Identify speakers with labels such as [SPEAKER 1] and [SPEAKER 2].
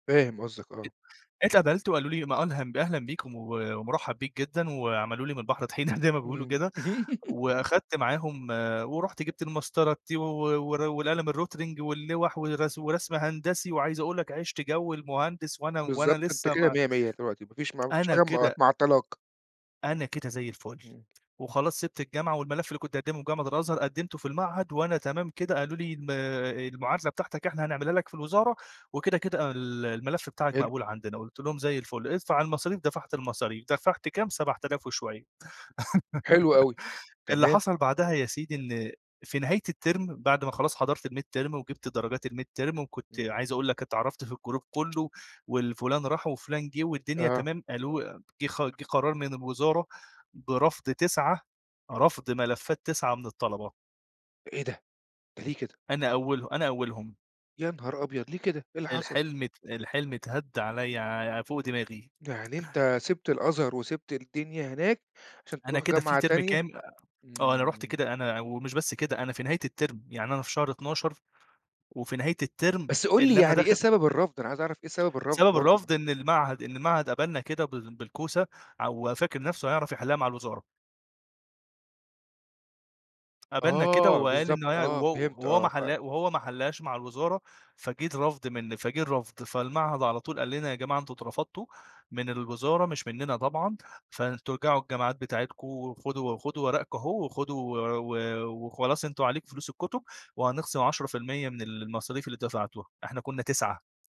[SPEAKER 1] فاهم قصدك، آه.
[SPEAKER 2] [unintelligible] اتقبلت وقالوا لي ما ألهم أهلًا بيك و ومرحَّب بيك جدًا، وعملوا لي من البحر طحينة زي ما بيقولوا
[SPEAKER 1] إمم.
[SPEAKER 2] كده، وأخدت معاهم ورُحت جِبت المسطرة الT و ور والقلم الRotring واللوَح والغسو ورسم هندسي وعايز أقول لك عِشت جو المهندس، وأنا وأنا
[SPEAKER 1] بالضبط، أنت
[SPEAKER 2] لسّه
[SPEAKER 1] كده
[SPEAKER 2] ما
[SPEAKER 1] مَيَّة مِيَّة دلوقتي ما فيش ما ما فيش
[SPEAKER 2] أنا
[SPEAKER 1] حاجة مع
[SPEAKER 2] كده
[SPEAKER 1] معطّلاك.
[SPEAKER 2] أنا كده زي الفُل،
[SPEAKER 1] إمم.
[SPEAKER 2] وخلاص سِبت الجامعة، والملف اللي كنت هاقدّمه في جامعة الأزهر قدّمته في المعهد، وأنا تمام كده قالوا لي الما آآ، المعادلة بتاعتك إحنا هنعملها لك في الوزارة، وكده، كده أنا ال الملف بتاعك
[SPEAKER 1] حلو.
[SPEAKER 2] مقبول عندنا، قُلت لهم زي الفُل، ادفع المصاريف، دفَعت المصاريف، دفَعت كام؟ 7000 وشوية،
[SPEAKER 1] حلو أوي،
[SPEAKER 2] اللي
[SPEAKER 1] تمام.
[SPEAKER 2] حصَل بعدها يا سيدي، إن في نهاية التِرم بَعد ما خلاص حضَرت الميد تِرم وجِبت درجات الميد تِرم وكنت
[SPEAKER 1] إمم.
[SPEAKER 2] عايز أقول لك اتعرَفت في الجروب كلّه والفلان راح وفلان جِه، والدنيا
[SPEAKER 1] آه.
[SPEAKER 2] تمام، ألو جه خ جه قرار من الوزارة برَفض 9 رَفض ملفات 9 من الطَلَبة.
[SPEAKER 1] إيه ده! ده ليه كده؟
[SPEAKER 2] أنا أوله أنا أولهم.
[SPEAKER 1] يا نهار أبيض، ليه كده؟َ! إيه اللي حصل؟
[SPEAKER 2] الحلم ات الحلم اتهد عليَّ ع فوق دماغي.
[SPEAKER 1] يعني أنت سِبت الأزهر، وسِبت الدنيا هناك، عشان
[SPEAKER 2] أنا
[SPEAKER 1] تروح
[SPEAKER 2] كده في
[SPEAKER 1] جامعة
[SPEAKER 2] تِرم
[SPEAKER 1] تانية!
[SPEAKER 2] كام آه، أنا رُحت
[SPEAKER 1] إمم.
[SPEAKER 2] كده أنا ومش بس كده أنا في نهاية التِرم، يعني أنا في شهر 12 وفي نهاية التِرم
[SPEAKER 1] بس قُل لي
[SPEAKER 2] اللي أنا
[SPEAKER 1] يعني إيه
[SPEAKER 2] داخل
[SPEAKER 1] سبب الرَفض؟ أنا عايز أعرف إيه سبب الرَفض
[SPEAKER 2] سبب
[SPEAKER 1] برضه.
[SPEAKER 2] الرَفض إن المعهد إن المعهد قَبَلنا كده بال بالكوسة ع وفاكر نَفسُه هيعرف يحلّها مع الوزارة. قَبَلنا كده
[SPEAKER 1] آه،
[SPEAKER 2] وقال
[SPEAKER 1] بالضبط،
[SPEAKER 2] إن هي و
[SPEAKER 1] آه فهمت
[SPEAKER 2] وهو ما
[SPEAKER 1] آه ف
[SPEAKER 2] حلّا وهو ما حلّهاش مع الوزارة، فجِه الرَفض من فجِه الرَفض، فالمعهد على طول قال لنا يا جماعة أنتم اترفضتوا، من الوزارة مش مننا طبعًا، فأنتم ارجعوا الجامعات بتاعتكم، وخدوا وخدوا ورقكم أهو وخدوا و و وخلاص أنتم عليكم فلوس الكُتُب، وهنخصِم 10% من المصاريف اللي دفعتوها، إحنا كنّا 9